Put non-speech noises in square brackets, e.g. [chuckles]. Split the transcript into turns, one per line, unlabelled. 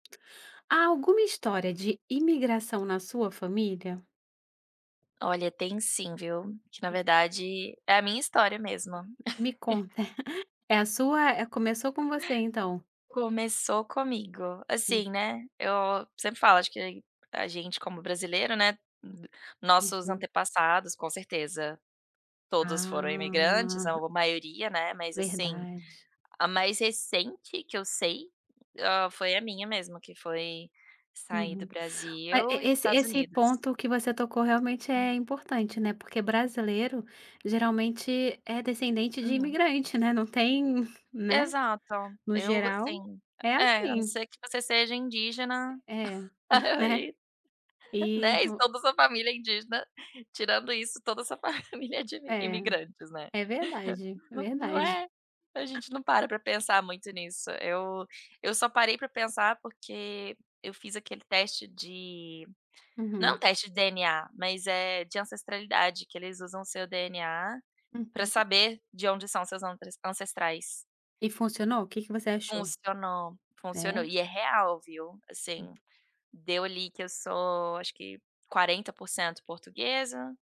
Há alguma história de imigração na sua família?
Olha, tem sim, viu. Que na
Hum.
verdade, é a minha história mesmo.
Me
[chuckles]
conta. [chuckles] É a sua eh, começou com você então?
Começou comigo.
Hum.
Assim, né, eu sempre falo acho que a gente como brasileiro, né, n nossos
Uhum.
antepassados, com certeza, todos foram imigrantes
Ah.
ou maioria, né, mas, assim,
verdade.
a mais recente que eu sei, ah, foi a minha mesmo que foi sair do
Uhum. Ma
Brasil
e
e ir para os
esse
Estados
esse
Unidos.
ponto que você tocou realmente
Hum.
é importante, né, porque brasileiro geralmente é descendente de
Uhum.
imigrante, né, não tem né.
Exato.
No
Eu v
geral
assim
é
é é, a não
assim.
ser que você seja indígena,
É. [chuckles]
[chuckles]
Né.
aí
E
né, e
vo
toda a sua família indígena, tirando isso toda a sua família é de imi
É.
imigrantes, né.
É verdade, é
[laughs] Não
verdade.
é? A gente não para pra pensar muito nisso, eu eu só parei para pensar, porque eu fiz aquele teste de não
Uhum.
teste de DNA, mas é de ancestralidade que eles usam o seu DNA, pra
Uhum.
saber de onde são seus ante ancestrais.
E funcionou? Que que você achou?
Funcionou, funcionou.
É?
E é real viu, assim,
Hum.
deu ali que eu sou acho que 40% portuguesa